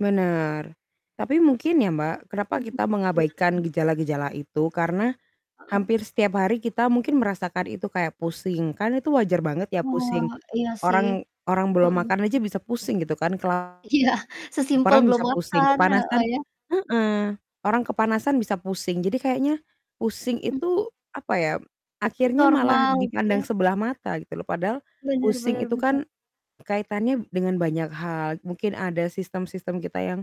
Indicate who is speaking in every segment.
Speaker 1: Benar, tapi mungkin ya Mbak, kenapa
Speaker 2: Mhm.
Speaker 1: kita
Speaker 2: Iya.
Speaker 1: mengabaikan gejala-gejala itu? Karena
Speaker 2: Heeh.
Speaker 1: hampir setiap hari kita mungkin merasakan itu kayak pusing, kan itu wajar banget ya
Speaker 2: Oh,
Speaker 1: pusing.
Speaker 2: iya sih.
Speaker 1: Orang orang belum
Speaker 2: Heeh.
Speaker 1: makan aja bisa pusing gitu kan, kelaparan
Speaker 2: Iya, sesimpel belum
Speaker 1: bisa pusing,
Speaker 2: makan, heeh,
Speaker 1: kepanasan
Speaker 2: ya?
Speaker 1: heeh, orang kepanasan bisa pusing. Jadi kayaknya pusing
Speaker 2: Mmm.
Speaker 1: itu, apa ya, akhirnya malah
Speaker 2: Normal, gitu
Speaker 1: dipandang
Speaker 2: ya?
Speaker 1: sebelah mata gitu loh, padahal
Speaker 2: Bener
Speaker 1: pusing
Speaker 2: bener
Speaker 1: itu
Speaker 2: bener.
Speaker 1: kan kaitannya dengan banyak hal. Mungkin ada sistem-sistem kita yang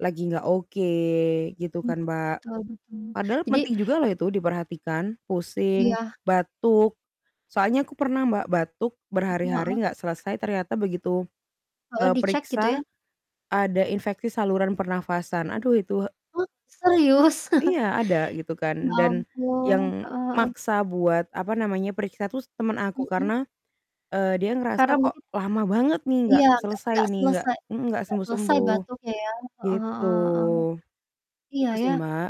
Speaker 1: lagi nggak oke, gitu
Speaker 2: Mmm.
Speaker 1: kan, Mbak.
Speaker 2: betul betul,
Speaker 1: Padahal
Speaker 2: jadi
Speaker 1: penting juga loh itu diperhatikan, pusing,
Speaker 2: Iya.
Speaker 1: batuk, soalnya aku pernah Mbak, batuk
Speaker 2: Heeh
Speaker 1: berhari-hari
Speaker 2: heeh?
Speaker 1: nggak selesai ternyata begitu,
Speaker 2: Heeh,
Speaker 1: eee,
Speaker 2: dicek gitu ya?
Speaker 1: periksa, ada infeksi saluran pernafasan. Aduh itu
Speaker 2: Oh, serius?
Speaker 1: Iya, ada, gitu kan,
Speaker 2: Ya
Speaker 1: dan
Speaker 2: ampun.
Speaker 1: yang
Speaker 2: Heeh heeh.
Speaker 1: maksa buat, apa namanya, periksa tuh s temen aku,
Speaker 2: Mhm.
Speaker 1: karena, eee, dia
Speaker 2: Karena
Speaker 1: ngerasa kok
Speaker 2: mungkin
Speaker 1: lama banget nih nggak
Speaker 2: Iya, nggak
Speaker 1: selesai
Speaker 2: nggak
Speaker 1: nih, nggak
Speaker 2: selesai
Speaker 1: mhm, nggak
Speaker 2: nggak selesai
Speaker 1: sembuh-sembuh,
Speaker 2: batuknya ya? Heeh
Speaker 1: gitu.
Speaker 2: heeh heeh. Iya,
Speaker 1: Itu sih,
Speaker 2: ya?
Speaker 1: Mbak,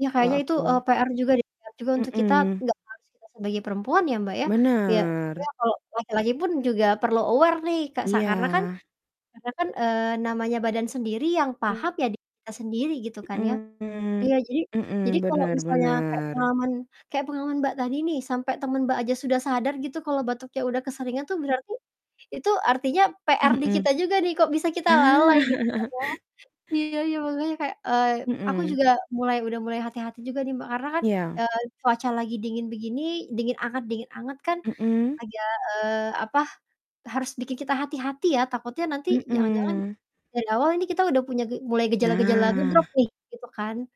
Speaker 2: Iya,
Speaker 1: kalau
Speaker 2: kayaknya itu, e
Speaker 1: aku.
Speaker 2: PR juga deh, PR juga untuk kita,
Speaker 1: Mhm.
Speaker 2: enggak harus kita sebagai perempuan ya, Mbak, ya? Ya,
Speaker 1: Bener.
Speaker 2: sebenarnya kalau laki-laki pun juga perlu aware nih Kak, sa karena kan
Speaker 1: Iya.
Speaker 2: karena kan, eee, namanya badan sendiri yang paham
Speaker 1: Mmm.
Speaker 2: ya diri kita sendiri gitu kan ya.
Speaker 1: Mhm
Speaker 2: Iya jadi jadi
Speaker 1: mhm,
Speaker 2: kalau
Speaker 1: bener
Speaker 2: misalnya kayak
Speaker 1: bener.
Speaker 2: pengalaman kayak pengalaman Mbak tadi nih, sampai temen Mbak aja sudah sadar gitu kalau batuknya udah keseringan tuh berarti itu artinya PR di
Speaker 1: Mhm.
Speaker 2: kita juga nih, kok bisa kita lalai,
Speaker 1: Nah.
Speaker 2: gitu kan ya? Iya iya, makanya kayak, eee, aku
Speaker 1: Mhm.
Speaker 2: juga mulai udah mulai hati-hati juga nih Mbak, karena kan,
Speaker 1: Iya.
Speaker 2: eee, cuaca lagi dingin begini, dingin anget dingin anget kan
Speaker 1: Mhm.
Speaker 2: agak, eee, apa, e harus bikin kita hati-hati ya, takutnya nanti jangan-jangan
Speaker 1: Mhm.
Speaker 2: dari awal ini kita udah punya ge mulai gejala-gejala nge-drop
Speaker 1: Nah.
Speaker 2: nih, gitu kan?